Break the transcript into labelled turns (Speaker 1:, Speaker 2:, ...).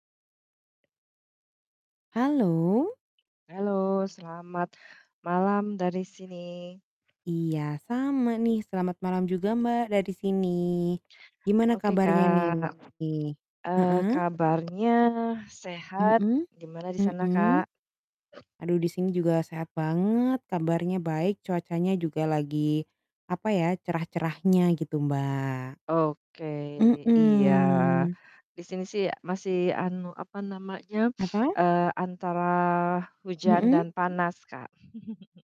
Speaker 1: Halo.
Speaker 2: Halo, selamat malam dari sini.
Speaker 1: Iya, sama nih, selamat malam juga Mbak, dari sini. Gimana
Speaker 2: Oke,
Speaker 1: kabarnya nih?
Speaker 2: Kak, eee,
Speaker 1: Heeh.
Speaker 2: kabarnya sehat.
Speaker 1: Mhm,
Speaker 2: Gimana di sana, Kak?
Speaker 1: mhm. Aduh di sini juga sehat banget, kabarnya baik, cuacanya juga lagi, apa ya, cerah-cerahnya gitu, Mbak.
Speaker 2: Oke, iya.
Speaker 1: Mhm.
Speaker 2: Di sini sih masih anu, apa namanya,
Speaker 1: Apa?
Speaker 2: eee, antara hujan
Speaker 1: Mhm.
Speaker 2: dan panas, Kak.